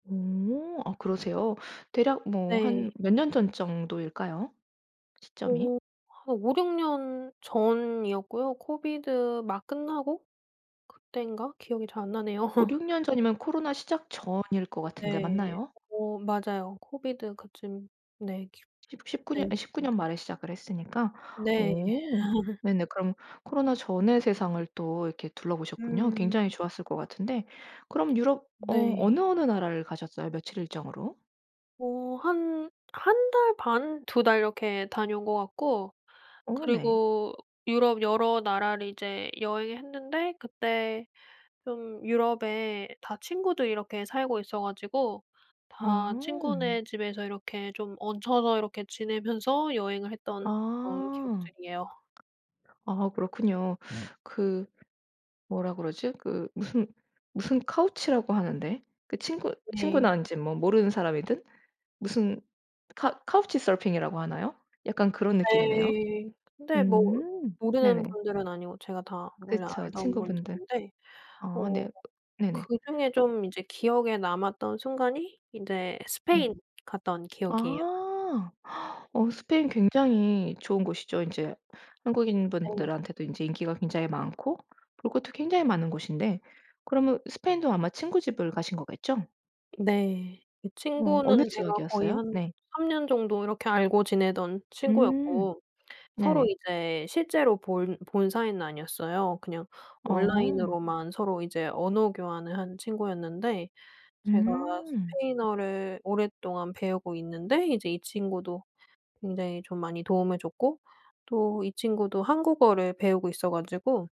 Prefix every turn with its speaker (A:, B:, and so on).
A: 음. 오. 아 그러세요? 대략 뭐 한
B: 네.
A: 몇 년 전 정도일까요? 시점이?
B: 어. 한 5-6년 전이었고요. 코비드 막 끝나고 그땐가 기억이 잘 안 나네요.
A: 5-6 년 전이면 코로나 시작 전일 것 같은데
B: 네.
A: 맞나요?
B: 어 맞아요. 코비드 그쯤. 네.
A: 십 십구
B: 네. 네.
A: 년 아
B: 어
A: 19년
B: 네.
A: 말에 시작을 했으니까
B: 네.
A: 오. 네네. 그럼 코로나 전에 세상을 또 이렇게 둘러보셨군요.
B: 음.
A: 굉장히 좋았을 것 같은데 그럼 유럽 어 어느,
B: 네.
A: 어느 나라를 가셨어요? 며칠 일정으로?
B: 어. 한 1달 반, 2달 이렇게 다녀온 거 같고
A: 어 네.
B: 그리고 유럽 여러 나라를 이제 여행을 했는데 그때 좀 유럽에 다 친구들이 이렇게 살고 있어 가지고 다
A: 어.
B: 친구네 집에서 이렇게 좀 얹혀서 이렇게 지내면서 여행을 했던 그런
A: 아.
B: 기억들이에요.
A: 아 그렇군요. 그 뭐라 그러지? 그 무슨 무슨 couch라고 하는데 그 친구
B: 네.
A: 친구난지 뭐 모르는 사람이든 무슨 카 couch surfing 이라고 하나요? 약간 그런 느낌이네요.
B: 네. 근데 뭐
A: 음.
B: 모르는
A: 네네.
B: 분들은 아니고 제가 다 원래
A: 그쵸.
B: 알던
A: 친구분들.
B: 분들인데
A: 아
B: 어
A: 네. 네네.
B: 그중에
A: 어
B: 좀 이제 기억에 남았던 순간이 인제
A: 네.
B: 스페인 갔다 온 기억이에요.
A: 아. 어 스페인 굉장히 좋은 곳이죠. 이제 한국인
B: 네.
A: 분들한테도 인제 인기가 굉장히 많고 볼 것도 굉장히 많은 곳인데 그러면 스페인도 아마 친구 집을 가신 거겠죠?
B: 네. 이
A: 어. 어느
B: 친구는 제가 거의
A: 지역이었어요?
B: 한
A: 네.
B: 3년 정도 이렇게 알고 지내던
A: 음.
B: 친구였고 서로
A: 네네.
B: 이제 실제로 본 본 사이는 아니었어요. 그냥
A: 어.
B: 온라인으로만 서로 이제 언어 교환을 한 친구였는데 제가
A: 음.
B: 스페인어를 오랫동안 배우고 있는데 이제 이 친구도 굉장히 좀 많이 도움을 줬고 또 이 친구도 한국어를 배우고 있어 가지고